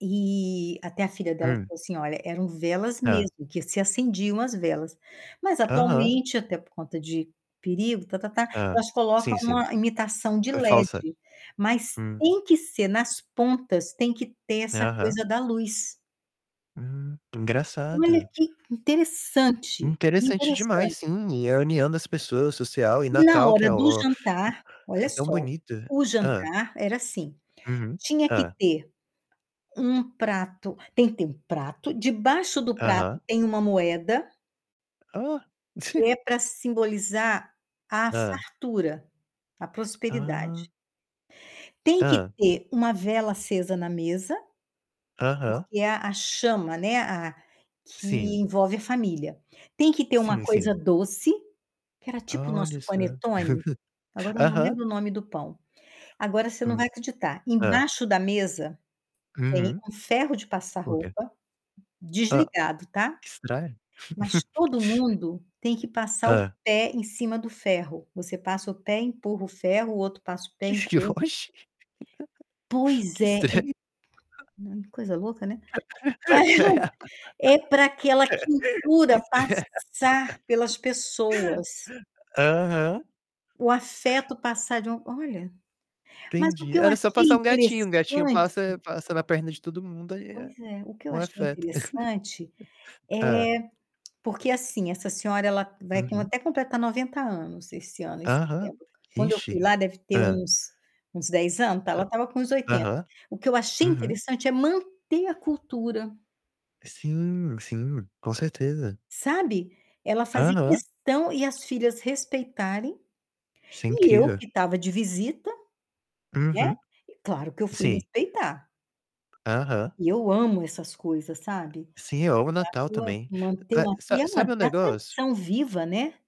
E até a filha dela Hum. falou assim: "Olha, eram velas Hã. mesmo, que se acendiam as velas". Mas, Aham. atualmente, até por conta de perigo, ta-ta-ta, Hã. elas colocam Sim, sim. uma imitação de É falsa LED, mas hum. tem que ser, nas pontas, tem que ter essa Aham. coisa da luz. Hum, Olha engraçado. que interessante, Interessante demais, interessante. sim. E a união das pessoas social, e E na Natal que hora é do o jantar é olha tão só, bonito o hã. jantar era assim. Uhum. Tinha que Hã. ter um prato tem que ter um prato, debaixo do prato Aham. tem uma moeda Ó! que é pra simbolizar a Hã. fartura, a prosperidade. Ah. Tem que Hã. ter uma vela acesa na mesa, Aham. porque é a a chama, né, a que Sim. envolve a família. Tem que ter uma Sim, coisa sim. doce, que era tipo o Olha nosso só. panetone? Agora eu não Aham. lembro o nome do pão. Agora, você não Hum. vai acreditar. Hã. Embaixo da mesa, tem Uhum. um ferro de passar Por que? roupa Hã, desligado, tá. estranho. Mas todo mundo tem que passar o Hã. pé em cima do ferro. Você passa o pé, empurra o ferro, o outro passa o pé, Que que empurra. oxi, Pois que é, é estranho. [unintelligible] coisa louca, né. Cred que É para aquela quentura estr passar pelas pessoas. aham. O afeto passar de um olha, mas o Entendi. que eu Era só achei passar um gatinho, um gatinho interessante passa passa na perna de todo mundo, aí é Pois é. O que eu o achei afeto. interessante Hã. é porque, assim, essa senhora, ela vai co Uhum. até completar 90 anos esse ano, em Aham. setembro. Quando eu fui Ixe. lá, deve ter Hã. uns uns 10 anos, então ela estava com uns Hã 80. aham. O que eu achei Uhum. interessante é manter a cultura Sim, sim, com certeza. sabe. Ela fazer Aham. questão e as filhas respeitarem, Isso é e eu incrível. que estava de visita, né, Uhum. claro que eu fui Sim. respeitar. Aham. E eu amo essas coisas, sabe, Sim, eu amo o Natal, eu acho também. manter Ma uma ter sa e sabe um manter a negócio? tradição viva, né.